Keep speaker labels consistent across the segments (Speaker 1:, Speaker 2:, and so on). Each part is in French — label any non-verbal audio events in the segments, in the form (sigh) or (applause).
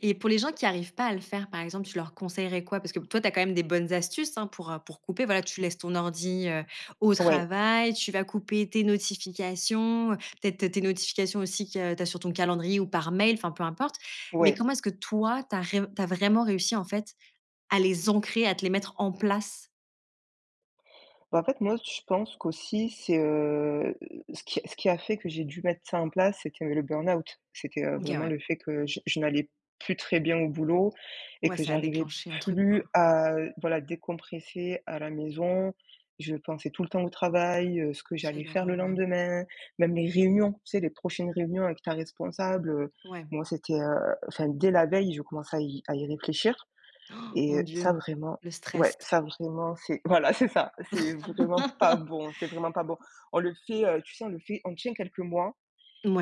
Speaker 1: Et pour les gens qui arrivent pas à le faire, par exemple, tu leur conseillerais quoi? Parce que b toi, tu as quand même des bonnes astuces, hein, pour, heu pour couper. Voilà, tu laisses ton ordi, heu, au
Speaker 2: Ouais.
Speaker 1: travail, tu vas couper tes notifications, heu, peut-être tes notifications aussi qu'il y a tu as sur ton calendrier ou par mail, enfin, peu importe. Mais
Speaker 2: Ouais.
Speaker 1: comment est-ce que toi, tu as ré tu as vraiment réussi en fait à les ancrer, à te les mettre en place?
Speaker 2: Bah, en fait moi je pense qu'aussi c'est, heu heu heu heu ce qui ce qui a fait que j'ai dû mettre ça en place, c'est qu'il y a eu le burn-out. C'est que,
Speaker 1: OK,
Speaker 2: vraiment le
Speaker 1: ouais.
Speaker 2: fait que je je n'allais plus très bien au boulot et
Speaker 1: Ouais,
Speaker 2: que
Speaker 1: ça a
Speaker 2: j'arrivais
Speaker 1: déclenché un truc quoi.
Speaker 2: plus à voilà, décompresser à la maison, je pensais tout le temps au travail, heu, ce que j'allais
Speaker 1: Quelle
Speaker 2: faire le
Speaker 1: horreur, ouais.
Speaker 2: lendemain, même les réunions, tu sais, les prochaines réunions avec ta responsable, heu,
Speaker 1: Ouais.
Speaker 2: moi c'était, heu enfin, dès la veille, je commençais à y à y réfléchir
Speaker 1: Han,
Speaker 2: et
Speaker 1: mon
Speaker 2: heu, ça
Speaker 1: Dieu,
Speaker 2: vraiment
Speaker 1: le
Speaker 2: ouais,
Speaker 1: stress
Speaker 2: ça vraiment c'est voilà, c'est ça! C'est vraiment pas
Speaker 1: (laughs)
Speaker 2: bon. C'est vraiment pas bon. On le fait, heu tu sais on le fait on tient quelques mois,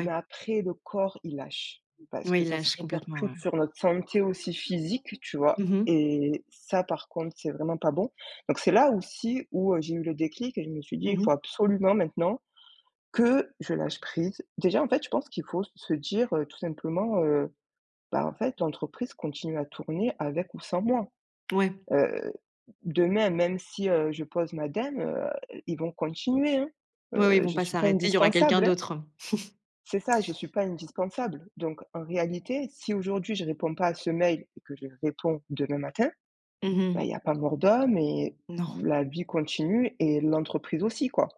Speaker 2: mais après le corps il lâche, parce
Speaker 1: Oui,
Speaker 2: que
Speaker 1: il
Speaker 2: ça se
Speaker 1: lâche complètement, ouais.
Speaker 2: répercute sur notre santé aussi physique, tu vois?
Speaker 1: Mmh mh.
Speaker 2: Et ça par contre c'est vraiment pas bon. Donc c'est là aussi où, heu, j'ai eu le déclic et je me suis dit: «Il
Speaker 1: Mmh mh.
Speaker 2: faut absolument maintenant que je lâche prise». Déjà en fait je pense qu'il faut s se dire, heu, tout simplement, heu: «Bah en fait l'entreprise continue à tourner avec ou sans moi».
Speaker 1: Ouais.
Speaker 2: Heu, demain même si, heu, je pose ma démission, heu, ils vont continuer, hein!
Speaker 1: Ouais, oui, ils
Speaker 2: Heu,
Speaker 1: vont
Speaker 2: je
Speaker 1: pas
Speaker 2: suis pas
Speaker 1: s'arrêter, il y aura quelqu'un
Speaker 2: indispensable, hein!
Speaker 1: d'autre. (chuckles)
Speaker 2: C'est ça, je suis pas indispensable. Donc en réalité, si aujourd'hui je réponds pas à ce mail et que j'y réponds demain matin,
Speaker 1: Mmh
Speaker 2: ben,
Speaker 1: mh.
Speaker 2: il y a pas mort d'homme et
Speaker 1: Non.
Speaker 2: la vie continue et l'entreprise aussi quoi.